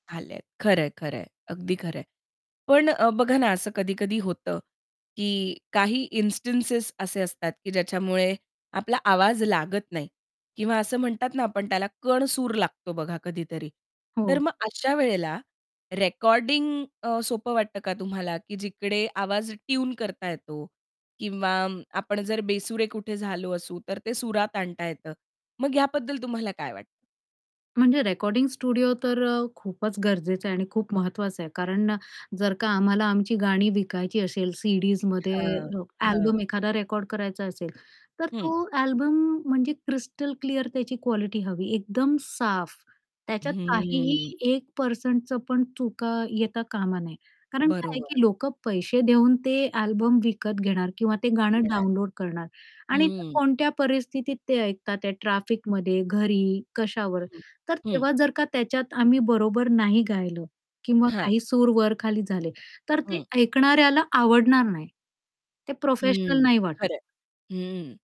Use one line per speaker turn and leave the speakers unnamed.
आलेत, खरंय, खरंय, अगदी खरं आहे. पण अ, बघा ना, असं कधी-कधी होतं की काही इन्स्टिंटेस असे असतात की ज्याच्यामुळे आपला आवाज लागत नाही किंवा असं म्हणतात ना, आपण त्याला कणसूर लागतो बघा कधीतरी, तर
हो.
मग अशा वेळेला रेकॉर्डिंग अ, सोपं वाटतं का तुम्हाला, की जिकडे आवाज ट्यून करता येतो किंवा आपण जर बेसुरे कुठे झालो असू, तर ते सुरात आणता येतं. मग याबद्दल तुम्हाला काय वाटतं?
म्हणजे रेकॉर्डिंग स्टुडिओ तर अ, खूपच गरजेचा आहे आणि खूप महत्त्वाचा आहे कारण जर का आम्हाला आमची गाणी विकायची असेल, सीडीजमध्ये
हां. हां.
अल्बम एखादा रेकॉर्ड करायचा असेल, तर
हं.
तो अल्बम म्हणजे क्रिस्टल क्लिअर त्याची क्वालिटी हवी, एकदम साफ. त्याच्यात काहीही
हम्म.
1% पण चुका येता कामा नये कारण काय आहे, की
बरोबर.
लोकं पैसे देऊन ते अल्बम विकत घेणार किंवा ते गाणं
येणार.
डाउनलोड करणार आणि ते
हं.
कोणत्या परिस्थितीत ते ऐकतात, या ट्रॅफिकमध्ये, घरी, कशावर.
हं.
तर
हं.
तेव्हा जर का त्याच्यात आम्ही बरोबर नाही गायलं किंवा
हां.
काही सूर वर खाली झाले, तर ते
हं.
ऐकणाऱ्याला आवडणार नाही. ते प्रोफेशनल
हं,
नाही वाटत.
खरंय. हं.